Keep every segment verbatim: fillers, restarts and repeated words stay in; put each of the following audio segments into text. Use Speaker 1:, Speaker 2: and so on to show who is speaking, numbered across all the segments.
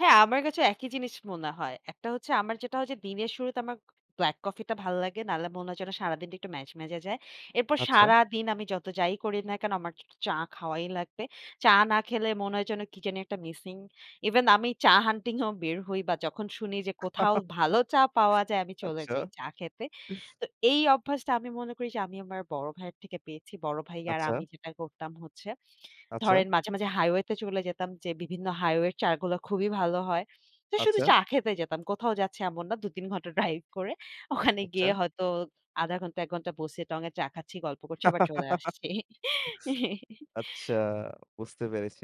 Speaker 1: হ্যাঁ, আমার কাছেও একই জিনিস মনে হয়। একটা হচ্ছে আমার যেটা ওইযে দিনের শুরুতে আমার black coffee টা ভাল লাগে। না হলে মনে হয় যেন সারাদিনটা একটু ম্যাজম্যাজে যায়। এরপর
Speaker 2: আচ্ছা।
Speaker 1: সারাদিন আমি যত যাই করি না কেন আমার একটু চ চা খাওয়াই লাগবে। চা না খেলে মনে হয় যেন কি জানি একটা missing। Even আমি চা hunting এও বের হই বা যখন শুনি যে কোথাও ভালো চা পাওয়া যায় আমি চলে
Speaker 2: আচ্ছা।
Speaker 1: যাই চা খেতে। তো এই অভ্যাসটা আমি মনে করি যে আমি আমার বড় ভাইয়ের থেকে পেয়েছি। বড় ভাই আর
Speaker 2: আচ্ছা।
Speaker 1: আমি যেটা করতাম হচ্ছে,
Speaker 2: আচ্ছা।
Speaker 1: ধরেন মাঝে, মাঝে highway-তে চলে যেতাম যে বিভিন্ন highway এর চা গুলা খুবই ভালো হয়। তো শুধু
Speaker 2: আচ্ছা।
Speaker 1: চা খেতে যেতাম, কোথাও যাচ্ছে এমন না। দুই-তিন ঘণ্টা drive করে, ওখানে
Speaker 2: আচ্ছা।
Speaker 1: গিয়ে হয়তো আধা ঘণ্টা, এক ঘণ্টা বসে টং-এ চা খাচ্ছি, গল্প করছি আবার চলে আসছি।
Speaker 2: আচ্ছা, বুঝতে পেরেছি।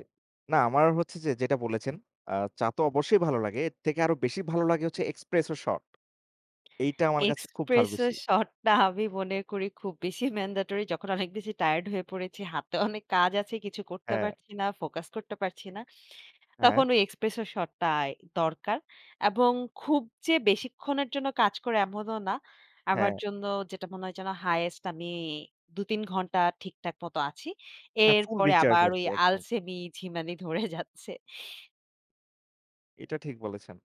Speaker 2: না, আমার হচ্ছে যে যেটা বলেছেন আ চা তো অবশ্যই ভালো লাগে, এর থেকে আরও বেশি ভালো লাগে হচ্ছে expresso shot। এইটা আমার কাছে খুব ভালো
Speaker 1: Espresso
Speaker 2: বেশি।
Speaker 1: shot টা আমি মনে করি খুব বেশি mandatory। যখন অনেক বেশি tired হয়ে পড়েছি, হাতেও অনেক কাজ আছে, কিছু করতে
Speaker 2: হ্যাঁ।
Speaker 1: পারছি না, focus করতে পারছি না,
Speaker 2: হ্যাঁ।
Speaker 1: তখন ওই espresso shot টাই দরকার। এবং খুব যে বেশিক্ষণের জন্য কাজ করে এমনও না। আমার
Speaker 2: হ্যাঁ।
Speaker 1: জন্য যেটা মনে হয় যেন highest আমি দুই-তিন ঘণ্টা ঠিকঠাক মতো আছি।
Speaker 2: হ্যাঁ, full
Speaker 1: এরপরে
Speaker 2: recharge
Speaker 1: আবার ওই
Speaker 2: আরকি একদম।
Speaker 1: আলসেমি, ঝিমানি ধরে যাচ্ছে।
Speaker 2: এটা ঠিক বলেছেন।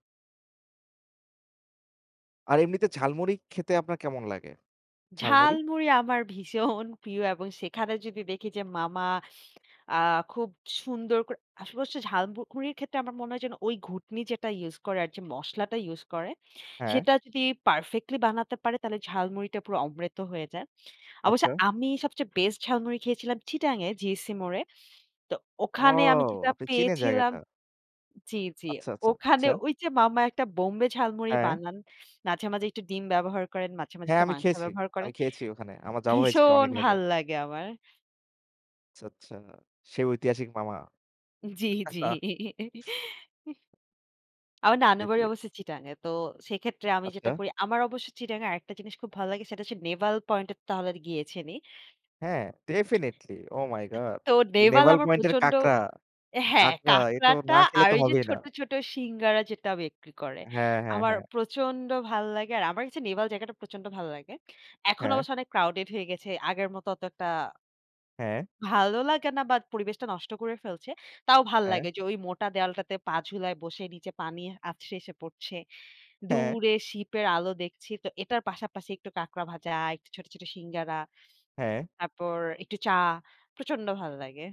Speaker 2: আর এমনিতে ঝালমুড়ি খেতে আপনার কেমন লাগে? ঝালমুড়ি?
Speaker 1: ঝালমুড়ি আমার ভীষণ প্রিয় এবং সেখানে যদি দেখি যে মামা আ খুব সুন্দর করে আসপাশে হচ্ছে ঝালমুকুড়ির ক্ষেত্রে আমার মনে হয় যেন ওই ঘুঁটনি যেটা use করে আর যে মসলাটা use করে
Speaker 2: হ্যাঁ।
Speaker 1: সেটা যদি perfectly বানাতে পারে তাহলে ঝালমুড়িটা পুরো অমৃত হয়ে যায়। অবশ্য
Speaker 2: আচ্ছা।
Speaker 1: আমি সবচেয়ে best ঝালমুড়ি খেয়েছিলাম চিটাগাং-এ, GEC মোড়ে। তো
Speaker 2: ও!
Speaker 1: ওখানে আমি যেটা
Speaker 2: আপনি চিনে
Speaker 1: পেয়েছিলাম
Speaker 2: জায়গাটা?
Speaker 1: জি, জি।
Speaker 2: আচ্ছা, আচ্ছা,
Speaker 1: ওখানে
Speaker 2: আচ্ছা।
Speaker 1: ওইযে মামা একটা বোম্বে ঝালমুড়ি
Speaker 2: হ্যাঁ।
Speaker 1: বানান। মাঝে, মাঝে একটু ডিম ব্যবহার করেন, মাঝে, মাঝে
Speaker 2: হ্যাঁ,
Speaker 1: একটু
Speaker 2: আমি
Speaker 1: মাংস
Speaker 2: খেয়েছি।
Speaker 1: ব্যবহার
Speaker 2: আমি
Speaker 1: করেন।
Speaker 2: খেয়েছি ওখানে। আমার যাওয়া হয়েছেগে
Speaker 1: ভীষণ
Speaker 2: অনেক দিন আগে।
Speaker 1: ভাল লাগে আমার।
Speaker 2: আচ্ছা, আচ্ছা। সেই ঐতিহাসিক মামা।
Speaker 1: জি, জি।
Speaker 2: [unintelligible]
Speaker 1: আমার
Speaker 2: জি, জি।
Speaker 1: নানুবাড়ি অবশ্য চিটাগাং-এ। তো সেক্ষেত্রে আমি
Speaker 2: আচ্ছা।
Speaker 1: যেটা করি আমার অবশ্য চিটাগাং-এ আরেকটা জিনিস খুব ভালো লাগে সেটা হচ্ছে নেভাল পয়েন্টে তাহলে গিয়েছেনই।
Speaker 2: হ্যাঁ,
Speaker 1: আ
Speaker 2: definitely। Oh my God!
Speaker 1: তো নেভাল
Speaker 2: Neval
Speaker 1: আমার
Speaker 2: Point এর
Speaker 1: প্রচণ্ড
Speaker 2: কাকড়া,
Speaker 1: হ্যাঁ,
Speaker 2: কাকড়া, এ তো
Speaker 1: কাঁকড়াটা
Speaker 2: না খেলে
Speaker 1: আর
Speaker 2: তো
Speaker 1: ওইযে
Speaker 2: হবেই না।
Speaker 1: ছোট, ছোট সিঙ্গারা যেটা বিক্রি করে
Speaker 2: হ্যাঁ, হ্যাঁ,
Speaker 1: আমার
Speaker 2: হ্যাঁ।
Speaker 1: প্রচণ্ড ভাল লাগে। আর আমার কাছে নেভাল জায়গাটা প্রচণ্ড ভালো লাগে। এখন
Speaker 2: হ্যাঁ।
Speaker 1: অবশ্য অনেক crowded হয়ে গেছে। আগের মতো অতটা
Speaker 2: হ্যাঁ।
Speaker 1: ভালো লাগে না বা পরিবেশটা নষ্ট করে ফেলছে। তাও ভালো
Speaker 2: হ্যাঁ।
Speaker 1: লাগে যে ওই মোটা দেয়ালটাতে পা ঝুলায় বসে নিচে পানি আছড়ে এসে পড়ছে।
Speaker 2: হ্যাঁ।
Speaker 1: দূরে ship-এর আলো দেখছি। তো এটার পাশাপাশি একটু কাঁকড়া ভাজা, একটু ছোট, ছোট সিঙ্গারা,
Speaker 2: হ্যাঁ।
Speaker 1: তারপর একটু চা, প্রচণ্ড ভাল লাগে।